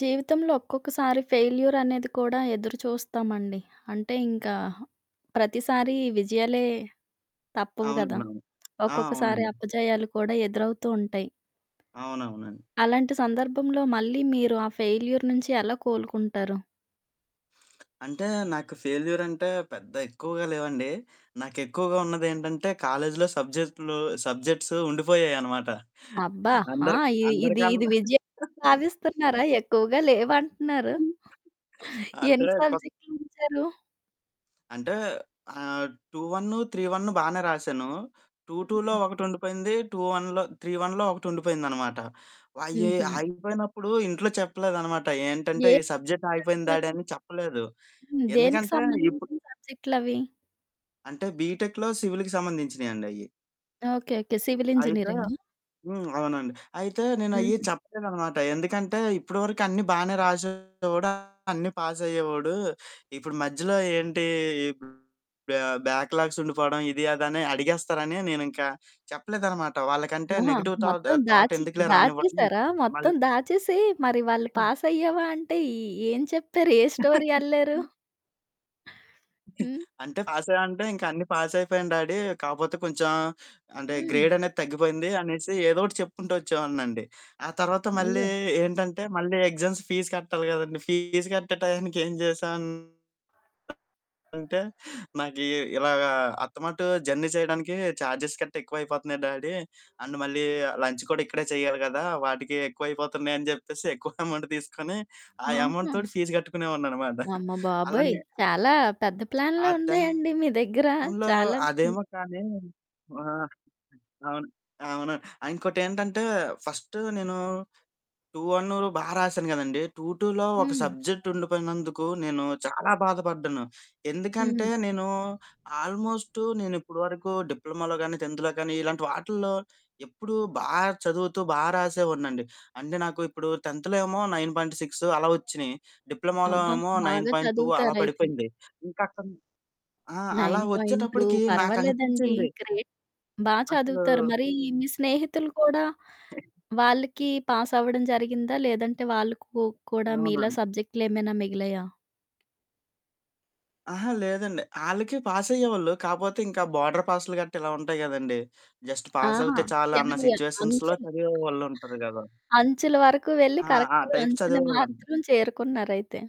జీవితంలో ఒక్కొక్కసారి ఫెయిల్యూర్ అనేది కూడా ఎదురుచూస్తామండి, అంటే ఇంకా ప్రతిసారి విజయాలే తప్పవు గదా! అవునండవును. ఆ! ఒక్కొక్కసారి అవునండీ. అపజయాలు కూడా ఎదురవుతూ ఉంటాయి. అవునవునండీ. అలాంటి సందర్భంలో మళ్ళీ మీరు ఆ ఫెయిల్యూర్ నుంచి ఎలా కోలుకుంటారు? అంటే నాకు ఫెయిల్యూర్ అంటే పెద్ద ఎక్కువగా లేవండి. నాకెక్కువగా ఉన్నదేంటంటే కాలేజీలో సబ్జెక్ట్‌లు సబ్జెక్ట్స్ ఉండిపోయాయనమాట అబ్బా! ఆ! అందర్ ఈ ఇది ఇది అందరికన్నా విజయంగా భావిస్తున్నారా? ఎక్కువగా లేవంటున్నారు. అంటే ఎన్ని కో సబ్జెక్ట్‌లుంచారు? అంటే ఆహ్, 2 1, 3 1 బానే రాసాను. 2 2లో హ్మ్. ఒకటుండిపోయింది. 2 1లో, 3 1లో ఒకటి ఉండిపోయిందనమాట. అయ్యి హుహు. ఆగిపోయినప్పుడు ఇంట్లో చెప్పలేదన్నమాట ఏంటంటే ఈ సబ్జెక్ట్ ఆగిపోయింది ఏంటండీ డాడీ అవి? అని చెప్పలేదు. హ్మ్, దేనికి ఎందుకంటే ఇప్పుడు సంబంధించిన సబ్జెక్ట్‌లవి. అంటే బీటెక్‌లో, సివిల్‌కి సంబంధించినయండయ్యి. ఓకె. ఓకె. సివిల్ అయితే ఇంజినీరింగ? హ్మ్, అవునండి. అయితే నేను అయ్యి హుహు. చెప్పలేదనమాట ఎందుకంటే "ఇప్పటి వరకు అన్నీ బాగానే రాసేవాడు, అన్నీ పాస్ అయ్యేవాడు, ఇప్పుడు మధ్యలో ఏంటి? ఈ బ్యాక్ లాగ్స్ ఉండిపోవడం ఇది అది." అని అడిగేస్తారని నేనింకా చెప్పలేదనమాట, వాళ్ళకంటే ఆహా! నెగెటివ్ థాట్ మొత్తం థాట్ దాచి ఎందుకులే రానివ్వడం దాచేసారా? మళ్ మొత్తం దాచేసి మరి వాళ్ళు పాస్ అయ్యావా అంటే, ఏ ఏం చెప్పారు? ఏ స్టోరీ అల్లారు? హ్మ్. అంటే "పాస్ అయ్యావ?" అంటే ఇంకా అన్ని పాస్ అయిపోయాను డ్యాడీ, కాకపోతే కొంచెం అంటే, హ్మ్. గ్రేడ్ అనేది తగ్గిపోయింది అనేసి ఏదో ఒకటి చెప్పుకుంటూ వచ్చేవాడినండి. ఆ తర్వాత మళ్ళీ అయ్యో! ఏంటంటే మళ్ళీ ఎగ్జామ్స్ ఫీస్ కట్టాలి కదండీ ఫీస్ కట్టే టయానికి ఏం జేసానంటే నాకు ఇ ఇలాగా అత్తమటుకు జర్నీ చేయడానికి ఛార్జెస్ గట్టా ఎక్కువైపోతున్నాయి డ్యాడీ. అండ్ మళ్ళీ లంచ్ కూడా ఇక్కడే చెయ్యాలి కదా! వాటికి ఎక్కువైపోతున్నాయని చెప్పేసి ఎక్కువ అమౌంట్ తీసుకొని. ఆ అమౌంట్ ఆహా! తోటి ఫీజు కట్టుకునేవాడినన్నమాట. అమ్మబాబోయ్! అలానె చాలా పెద్ద ఆ ప్లాన్లే ఉన్నాయండి మీ టైంలో దగ్గర. చాలా పే అదేమో కానీ ఆహ్, అవును. అవును. ఇంకోటేంటంటే ఫస్ట్ నేను 2-1 బా రాసాను కదండీ. 2-2లో ఒక హ్మ్. సబ్జెక్టు ఉండిపోయినందుకు నేను చాలా బాధపడ్డాను. ఎందుకంటే హ్మ్. నేను ఆల్మోస్ట్ నేను ఇప్పటి వరకు డిప్లొమాలో కాని, 10థ్‌లో కానీ ఇలాంటి వాటిల్లో ఎప్పుడూ బా చదువుతూ, బా రాసేవాడినండి. అంటే నాకు ఇప్పుడు 10థ్‌లో ఏమో 9.6 అలా వచ్చినాయి, డిప్లొమాలో అబ్బా! ఏమో నైన్ బాగా పాయింట్ టూ అలా చదువుతారయితే. పడిపోయింది. ఇంకా అక్కడ ఆ! అలా 9.2 వచ్చేటప్పటికి పర్వాలేదండి, నాకనిపించింది గ్రేట్ బా అసలు చదువుతారు. మరి మీ స్నేహితులు కూడా వాళ్ళకి పాసవ్వడం జరిగిందా? లేదంటే వాళ్ళకు కూడా మీలా అవునండి. సబ్జెక్టేమైనా మిగిలాయా? అహా! లేదండి. ఆళ్ళకి పాసయ్యేవాళ్ళు. కాపోతే ఇంకా బోర్డర్ పాస్లు గట్టా ఇలా ఉంటాయి గదండీ. జస్ట్ పాస్ ఆహా! అవుతే చాలన్న చివరి సిట్యుయేషన్స్‌లో అంచలు. చదివే వాళ్ళుంటారు గదా! అంచుల వరకు వెళ్ళి ఆ! ఆ కరెక్ట్‌గా టైప్స్ అంచున చదివేవాళ్ళం. మాత్రం చేరుకున్నారయితే.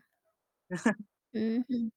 హుహు.